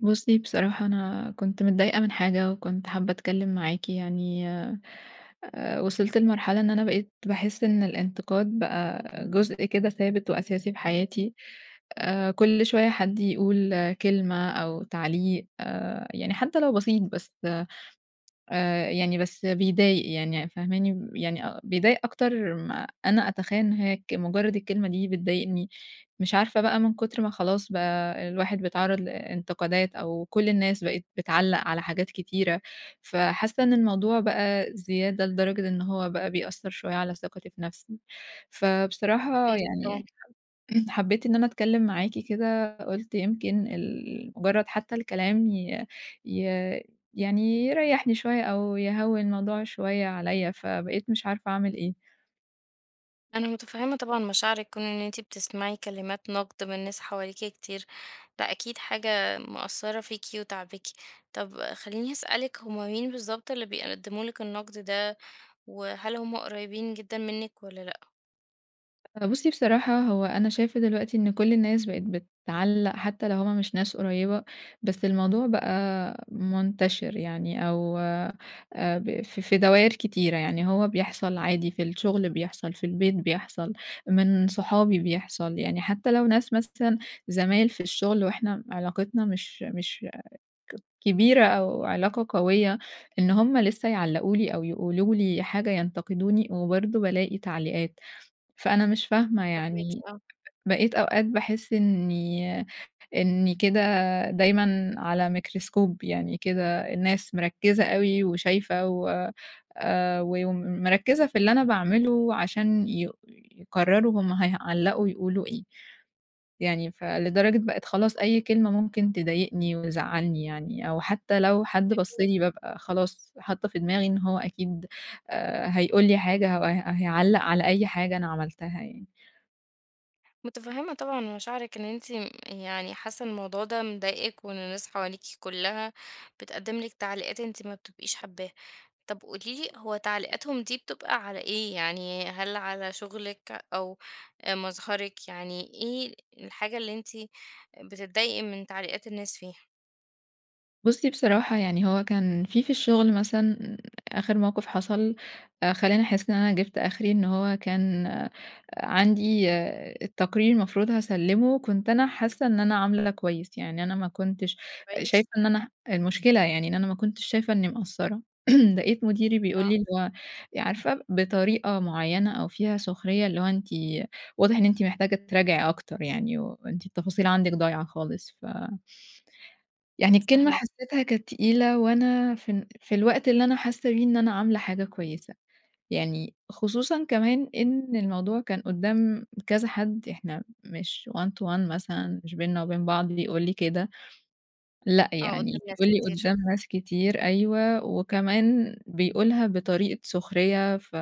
بُصّي بصراحة أنا كنت متضايقة من حاجة، وكنت حابّة أتكلّم معاكِ يعني، آآ وصلت لمرحلة إن أنا بقيت باحس إن الإنتقاد بقى جزء كده ثابت وأساسي في حياتي. آآ كل شوية حد يقول كلمة أو تعليق، يعني حتى لو بسيط، بس آآ يعني بس بيضايق يعني فاهماني؟ يعني بيضايق أكتر ما أنا أتخيّل إن هيّ ك مجرّد الكلمة دي بتضايقني، مش عارفة بقى من كتر ما خلاص بقى الواحد بيتعرّض لإنتقادات، أو كُل الناس بقِت بتعلّق على حاجات كتيرة، فحاسة إن الموضوع بقى زيادة لدرجة إن هو بقى بيأثّر شوية على ثقتي في نفسي. فبصراحة يعني [unintelligible] حبّيت إن أنا أتكلّم معاكِ كده، قُلت يمكن ال مجرّد حتّى الكلام ي ي يعني يريحني شوية، أو يهوّن موضوع شوية عليّا. فبقيت مش عارفة أعمل إيه. أنا مُتفهّمة طبعًا مشاعرِك. كون إن أنتِ بتسمعي كلمات نقد من ناس حواليكِ كتير، ده أكيد حاجة مأثّرة فيكِ وتاعباكِ. طب خلّيني أسألِك، هُم مين بالضبط اللي بيقدّموا لِك النقد ده؟ وهل هُم قريبين جدًا منِك والّا لأ؟ أ بُصي بصراحة، هو أنا شايفة دلوقتي إن كل الناس بقت بتعلق حتى لو هم مش ناس قريبة، بس الموضوع بقى منتشر يعني أو آآ، ب ف في دواير كتيرة، يعني هو بيحصل عادي في الشغل، بيحصل في البيت، بيحصل من صحابي، بيحصل يعني حتى لو ناس مثلًا زمايل في الشغل وإحنا علاقتنا مش مش ك كبيرة أو علاقة قوية إن هم لسه يعلقوا لي أو يقولوا لي حاجة، ينتقدوني، وبرضه بالاقي تعليقات. فأنا مش فاهمة فاهماكِ، يعني، آه. بقيت أوقات باحس إني إني كده دايمًا على ميكروسكوب يعني كده الناس مركزة أوي وشايفة و آآ، و ومركزة في اللي أنا باعمله عشان يقو يقرروا هم هيعلقوا يقولوا إيه. يعني فلدرجة بقت خلاص أي كلمة ممكن تضايقني وزعلني يعني، أو حتى لو حد بص أكيد. لي، بابقى خلاص، حاطة في دماغي إن هو أكيد آآ، هيقول لي حاجة أو هي هيعلق على أي حاجة أنا عملتها يعني. متفهِّمة طبعًا مشاعرِك إن أنتِ يعني حاسّة الموضوع ده مضايقِك، وإن الناس حواليكِ كلَّها بتقدّم لِك تعليقات أنتِ ما بتبقيش حابّاها. طب قولي لي هو تعليقاتهم دي بتبقى على إيه يعني، هل على شغلِك أو آآ، مظهرِك، يعني إيه الحاجة اللي أنتِ بتتضايقي من تعليقات الناس فيها؟ بُصّي، بصراحة يعني هو كان في في الشغل مثلًا، آخر موقف حصل آآ، خلّاني أحس إن أنا جبت آخري، إن هو كان عندي التقرير المفروض هاسلِّمه، كنت أنا حاسّة إن أنا عاملة كويس، يعني أنا ما كنتش كويس. شايفة إن أنا المشكلة يعني إن أنا ما كنتش شايفة إني مقصرّة، لاقيت مديري بيقول آه. لي اللي هو عارفة بطريقة معيّنة أو فيها سخرية، اللي هو "أنتِ واضح إن أنتِ محتاجة تراجعي أكتر يعني، وأنتِ التفاصيل عندِك ضايعة خالص." ف يعني الكلمة فاهماكِ. حسّيتها كانت تقيلة، وأنا في ال في الوقت اللي أنا حاسّة بيه إن أنا عاملة حاجة كويسة. يعني خصوصًا كمان إن الموضوع كان قدّام كذا حد، إحنا مش one to one مثلًا، مش بيننا وبين بعض بيقول لي كده، لأ آه، قدام يعني ناس بيقول لي كتير. قدّام ناس كتير، أيوه وكمان بيقولها بطريقة سخرية، ف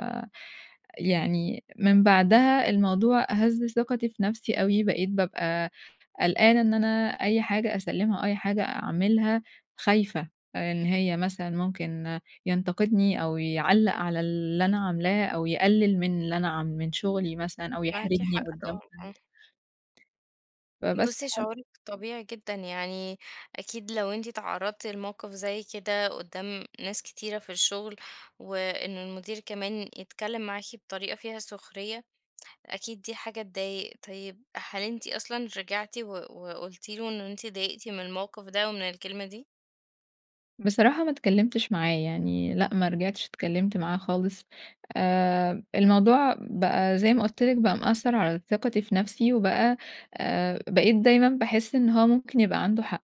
يعني من بعدها الموضوع هزّ ثِقتي في نفسي أوي، بقيت بابقى قلقانة إن أنا أي حاجة أسلِّمها أو أي حاجة أعملها، خايفة آآ، إن هي مثلًا ممكن ينتقدني، أو يعلَّق على اللي أنا عاملاه، أو يقلِّل من اللي أنا ع من شغلي مثلًا أو معاكِ يحرجني حق، طبعًا، قدّام آه. حد. فبس بُصّي، حا شعورِك طبيعي جدًا، يعني أكيد لو أنتِ اتعرضتِ لموقف زي كده قدَّام ناس كتيرة في الشغل، وإنه المدير كمان يتكلِّم معاكِ بطريقة فيها سخرية، أكيد دي حاجة تضايق. طيب، هل أنتِ أصلًا رجعتِ و وقلتِ له إن أنتِ اتضايقتِ من الموقف ده ومن الكلمة دي؟ بصراحة ما اتكلّمتش معاه، يعني لأ، ما رجعتش اتكلّمت معاه خالص. آآ، الموضوع بقى زي ما قُلت لِك بقى مأثّر على ثقتي في نفسي وبقى آآ، بقيت دايمًا باحس إن هو ممكن يبقى عنده حق،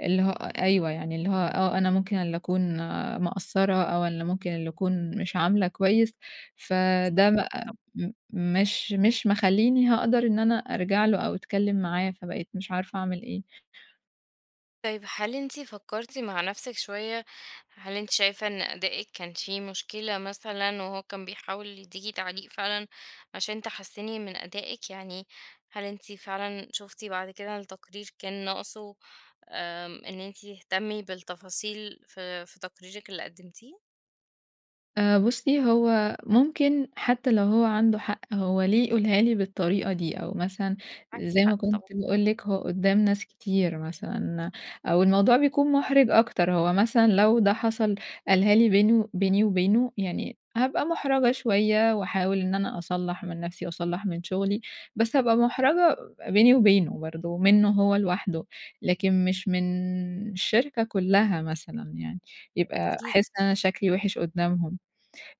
اللي هو أ أيوه. يعني اللي هو آه، أنا ممكن اللي أكون مقصّرة أو اللي ممكن اللي أكون مش عاملة كويس، س فده فاهماكِ بقى طبعًا. م مش مش مخلّيني هاقدر إن أنا أرجع له أو أتكلّم معاه، فبقيت مش عارفة أعمل إيه؟ طيب، هل أنتِ فكّرتِ مع نفسِك شوية؟ هل أنتِ شايفة إن أدائِك كان فيه مشكلة مثلًا وهو كان بيحاول يدّيكِ تعليق فعلًا عشان تحسّني من أدائِك، يعني هل أنتِ فعلًا شُفتِ بعد كده التقرير كان ناقصه آمم، إن أنتِ تهتمّي بالتفاصيل في في تقريرِك اللي قدّمتيه؟ آآ، بُصّي، هو ممكن حتّى لو هو عنده حق، هو ليه يقولها لي بالطريقة دي؟ أو مثلًا معاكِ زي ما حق طبعًا. كنت باقول لِك هو قدّام ناس كتير مثلًا، أو الموضوع بيكون مُحرِج أكتر، هو مثلًا لو ده حصل قالها لي بينه بيني وبينه، يعني هابقى مُحرَجة شوية واحاول إن أنا أصلّح من نفسي واصلّح من شغلي، بس هابقى مُحرَجة بيني وبينه برضه منّه هو لوحده، لكن مش من الشركة كُلّها مثلًا يعني، ده يبقى أكيد. أحس إن أنا شكلي وِحِش قدّامهم.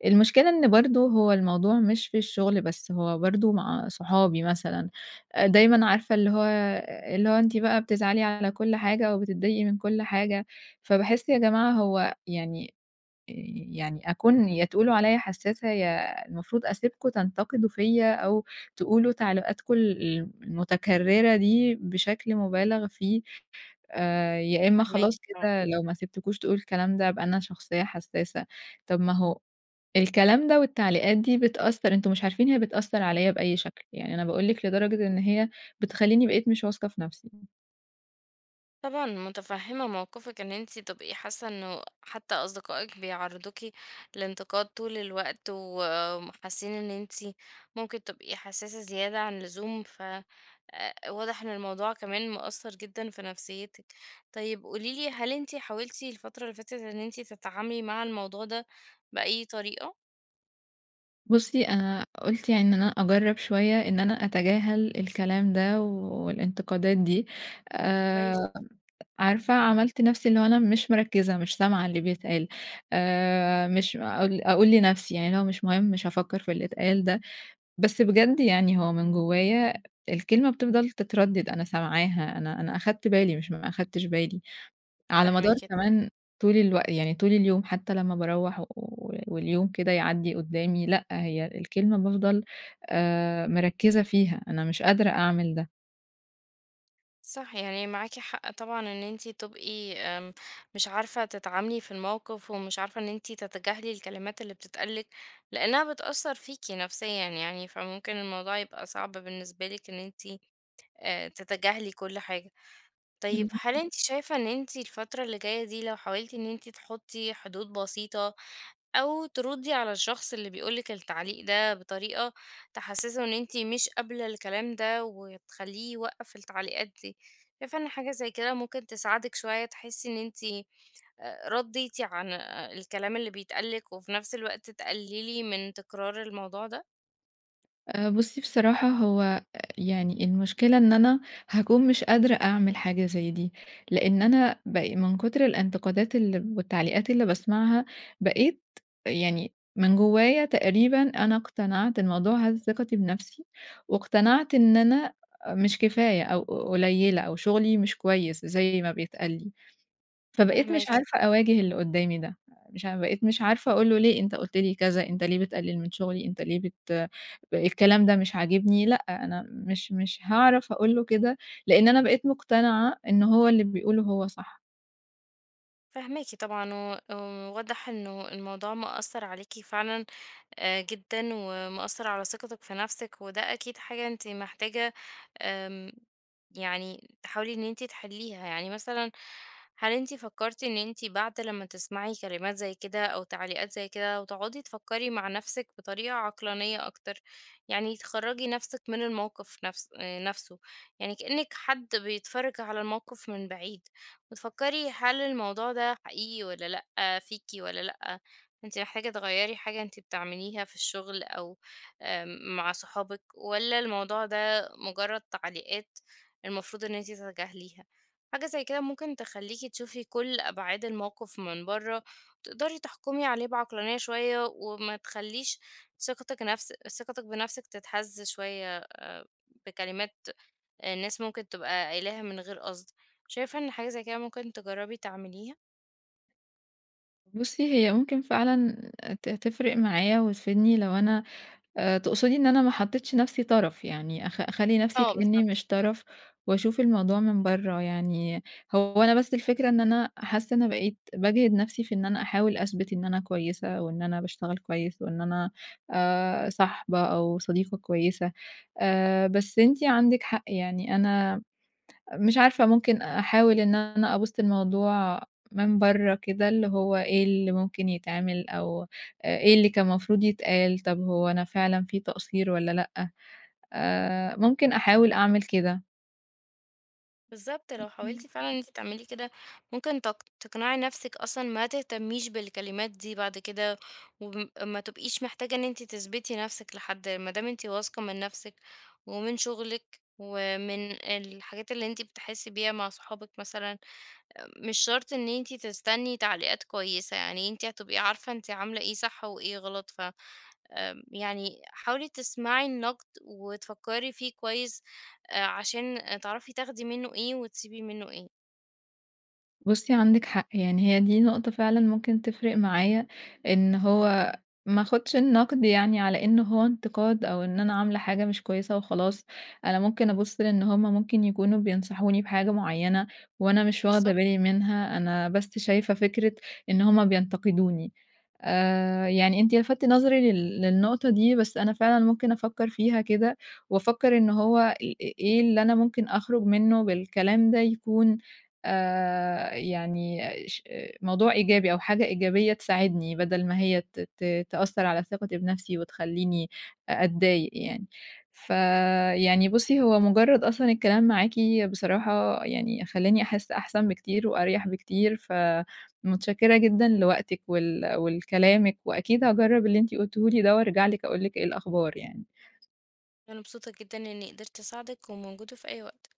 المشكلة إن برضه هو الموضوع مش في الشغل بس، هو برضه مع صحابي مثلًا، أ دايمًا عارفة اللي هو أ اللي هو أنتِ بقى بتزعلي على كل حاجة أو بتضايقي من كل حاجة، فباحس يا جماعة هو يعني آآ، يعني أكون يا تقولوا عليّا حسّاسة، يا المفروض أسيبكم تنتقدوا فيَّ أو تقولوا تعليقاتكم ال ال المتكرّرة دي بشكل مُبالغ فيه، آآ، يا إمّا فاهماكِ خلاص آه. كده لو ما سِبتكوش تقولوا الكلام ده، أبقى أنا شخصية حسّاسة، طب ما هو الكلام ده والتعليقات دي بتأثّر، أنتم مش عارفين هي بتأثّر عليّا بأي شكل. يعني أنا باقول لِك لدرجة إن هي بتخلّيني بقيت مش واثقة في نفسي. طبعًا متفهمة موقفِك إن أنتِ تبقي حاسة إنه حتى أصدقائِك بيعرضوكِ لإنتقاد طول الوقت وحاسين إن أنتِ ممكن تبقي حساسة زيادة عن اللزوم، فواضح إن الموضوع كمان مأثر جدًا في نفسيتِك. طيب قولي لي هل أنتِ حاولتِ الفترة اللي فاتت إن أنتِ تتعاملي مع الموضوع ده بأي طريقة؟ بُصّي أنا قُلت يعني إن أنا أجرب شوية إن أنا أتجاهل الكلام ده والانتقادات دي، كويس. آآ عارفة عملت نفسي إن هو أنا مش مركِزة، مش سامعة اللي بيتقال، آآ مش أقول أقول لنفسي يعني اللي هو مش مُهم، مش هافكر في اللي اتقال ده، بس بجد يعني هو من جوايا الكلمة بتفضل تتردد، أنا سامعاها، أنا أنا أخدت بالي مش ما أخدتش بالي، على مدار فاهماكِ. كمان طول الوق يعني طول اليوم حتى لمّا باروَّح و واليوم كده يعدي قدامي، لأ، هي الكلمة بافضل آآ مركِزة فيها، أنا مش قادرة أعمل ده. صح، يعني معاكِ حق طبعًا إن أنتِ تبقي آمم، مش عارفة تتعاملي في الموقف ومش عارفة إن أنتِ تتجاهلي الكلمات اللي بتتقال لِك لأنها بتأثر فيكِ نفسيًا يعني فممكن الموضوع يبقى صعب بالنسبة لِك إن أنتِ آآ تتجاهلي كل حاجة. طيب هل اهم. أنتِ شايفة إن أنتِ الفترة اللي جاية دي لو حاولتِ إن أنتِ تحُطي حدود بسيطة أو ترُدي على الشخص اللي بيقول لِك التعليق ده بطريقة تحسسّه إن أنتِ مش قابلة الكلام ده وتخلّيه يوقف التعليقات دي، شايفة إن حاجة زي كده ممكن تساعدِك شوية تحسي إن أنتِ رديتِ عن الكلام اللي بيتقال لِك وفي نفس الوقت تقللي من تكرار الموضوع ده؟ آآ، بُصي بصراحة، هو آآ، يعني المشكلة إن أنا هاكون مش قادرة أعمل حاجة زي دي، لأن أنا ب من كتر الانتقادات ال والتعليقات اللي باسمعها بقيت يعني من جوايا تقريبًا أنا اقتنعت، الموضوع هز ثقتي بنفسي واقتنعت إن أنا مش كفاية أو قليلة أو شغلي مش كويس زي ما بيتقال لي، فبقيت مش فاهماكِ، عارفة طبعًا. أواجه اللي قدامي ده. مش عا بقيت مش عارفة أقول له ليه أنت قلت لي كذا؟ أنت ليه بتقلل من شغلي؟ أنت ليه بت الكلام ده مش عاجبني، لأ أنا مش مش هاعرف أقول له كده، لأن أنا بقيت مقتنعة إن هو اللي بيقوله هو صح. فاهماكِ طبعًا، و واضح إنه الموضوع مأثر عليِكِ فعلًا آآ، جدًا، ومأثر على ثقتِك في نفسِك، وده أكيد حاجة أنتِ محتاجة آمم، يعني تحاولي إن أنتِ تحليها، يعني مثلًا هل أنتِ فكرتِ إن أنتِ بعد لما تسمعي كلمات زي كده أو تعليقات زي كده وتقعدي تفكري مع نفسِك بطريقة عقلانية أكتر، يعني تخرّجي نفسِك من الموقف نفس آآ، نفسه يعني كإنِك حد بيتفرج على الموقف من بعيد وتفكري هل الموضوع ده حقيقي والّا لأ؟ فيكِ والّا لأ؟ أنتِ محتاجة تغيّري حاجة أنتِ بتعمليها في الشغل أو آآ، مع صحابِك؟ والّا الموضوع ده مجرد تعليقات المفروض إن أنتِ تتجاهليها؟ حاجة زي كده ممكن تخليكِ تشوفي كل أبعاد الموقف من بره، وتقدري تحكمي عليه بعقلانية شوية وما تخليش ثقتِك نفس ثقتِك بنفسِك تتهز شوية آآ، بكلمات الناس ممكن تبقى قايلاها من غير قصد. شايفة إن حاجة زي كده ممكن تجربي تعمليها؟ بُصّي، هي ممكن فعلًا ت تفرق معايا وتفيدني لو أنا آآ تقصدي إن أنا ما حطيتش نفسي طرف يعني، أخ أخلي نفسي آه، كإني بالضبط. مش طرف، وأشوف الموضوع من برّه يعني، هو أنا بس الفكرة إن أنا حاسّة أنا بقيت باجهِد نفسي في إن أنا أحاول أثبت إن أنا كويسة، وإن أنا باشتغل كويس وإن أنا آآ، صاحبة أو صديقة كويسة آآ، بس أنتِ عندك حق يعني، أنا مش عارفة ممكن أحاول إن أنا أبُصّ للموضوع من برّه كده، اللي هو إيه اللي ممكن يتعمل، أو إ إيه اللي كان مفروض يتقال، طب هو أنا فعلًا في تقصير والَّا لأ، آآ ممكن أحاول أعمل كده. بالضبط، لو امم. حاولتِ فعلًا إن أنت تعملي كده ممكن تق تقنعي نفسك أصلًا ما تهتميش بالكلمات دي بعد كده، وما ب ما تبقيش محتاجة إن أنتِ تثبتِي نفسِك لحد ما دام أنتِ واثقة من نفسِك، ومن شغلِك، ومن الحاجات اللي أنتِ بتحسِي بيها مع صحابِك مثلًا، مش شرط إن أنتِ تستني تعليقات كويسة، يعني أنتِ هتبقي عارفة أنتِ عاملة إيه صح وإيه غلط، ف امم يعني حاولي تسمعي النقد وتفكّري فيه آآ كويس عشان تعرفي تاخدي منُّه إيه، وتسيبي منُّه إيه. بُصّي، عندِك حق يعني هي دي نقطة فعلًا ممكن تفرق معايا، إن هو ما اخدش النقد يعني على إن هو انتقاد، أو إن أنا عاملة حاجة مش كويسة وخلاص، أنا ممكن أبُصّ لأن هم ممكن يكونوا بينصحوني بحاجة معيّنة، وأنا مش واخدة بالضبط. بالي منها، أنا بس شايفة فكرة إن هم بينتقدوني آآ، يعني أنتِ لفتِّ نظري لل للنقطة دي، بس أنا فعلًا ممكن أفكّر فيها كده، وأفكّر إنه هو إ إ إيه اللي أنا ممكن أخرج منه بالكلام ده يكون آآ، يعني ش موضوع إيجابي أو حاجة إيجابية تساعدني، بدل ما هي ت ت تأثَّر على ثِقتي بنفسي وتخليني أ أتضايق يعني، فيعني بُصّي هو مجرّد أصلًا الكلام معاكِ بصراحة يعني خلّاني أحسّ أحسن بكتير وأريح بكتير، فمتشكِّرة جدًا لوقتِك، ول ولكلامِك وأكيد هاجرَّب اللي أنتِ قلتيه لي ده، وأرجع لِك أقول لِك إيه الأخبار يعني. أنا مبسوطة جدًا إني قدرت أساعدِك، وموجودة في أي وقت.